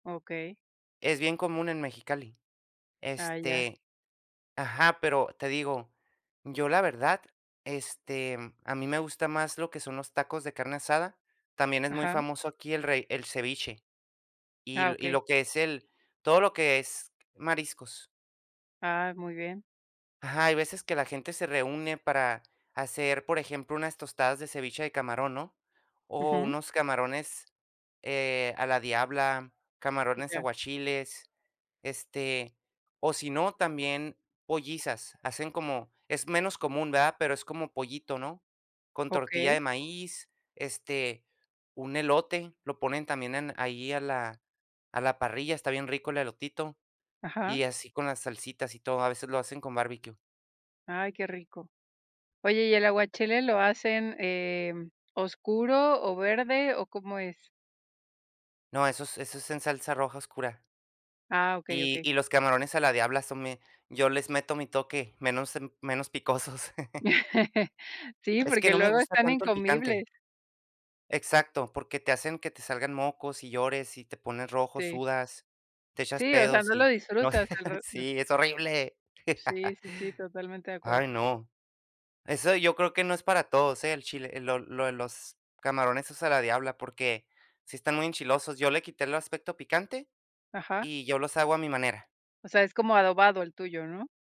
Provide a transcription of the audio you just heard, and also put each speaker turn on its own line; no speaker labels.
Okey.
Es bien común en Mexicali.
Ah, ya.
Este ajá, pero te digo, yo la verdad, este, mm, a mí me gusta más lo que son los tacos de carne asada. También es muy
Ajá.
famoso aquí el re el ceviche y
Ah,
l y
okey.
lo que es el todo lo que es mariscos.
Ah, muy bien.
Ajá, hay veces que la gente se reúne para hacer, por ejemplo, unas tostadas de ceviche de camarón, ¿no? O
Ujú.
unos camarones, eh, a la diabla, camarones
Ya.
aguachiles, este, o si no, también pollizas. Hacen como es menos común, ¿verdad? Pero es como pollito, ¿no? Con tortilla de
Okey.
maíz, este, un elote, lo ponen también en ahí a la a la parrilla, está bien rico el elotito.
Ajá.
Y así con las salsitas y todo, a veces lo hacen con barbecue.
Ay, qué rico. Oye, ¿y el aguachile lo hacen, em, oscuro o verde o cómo es?
No, eso es eso es en salsa roja oscura.
Ah, okey,
Y
okey.
y los camarones a la diabla son me yo les meto mi toque, menos em menos picosos.
Sí,
Es que
porque
no me
luego
gusta
están
tanto el picante.
incomibles.
Exacto, porque te hacen que te salgan mocos y llores y te pones rojo,
Sí.
sudas, te echas
Sí, o sea,
pedos
no lo
y no
disfrutas al rev
Sí, es horrible.
Sí, sí, sí, totalmente de acuerdo.
Ay, no. Eso yo creo que no es para todos, ¿eh? El chile, lo lo los camarones esos a la diabla, porque sí están muy enchilosos. Yo le quité el aspecto picante
Ajá.
y yo los hago a mi manera.
O sea, es como adobado el tuyo, ¿no?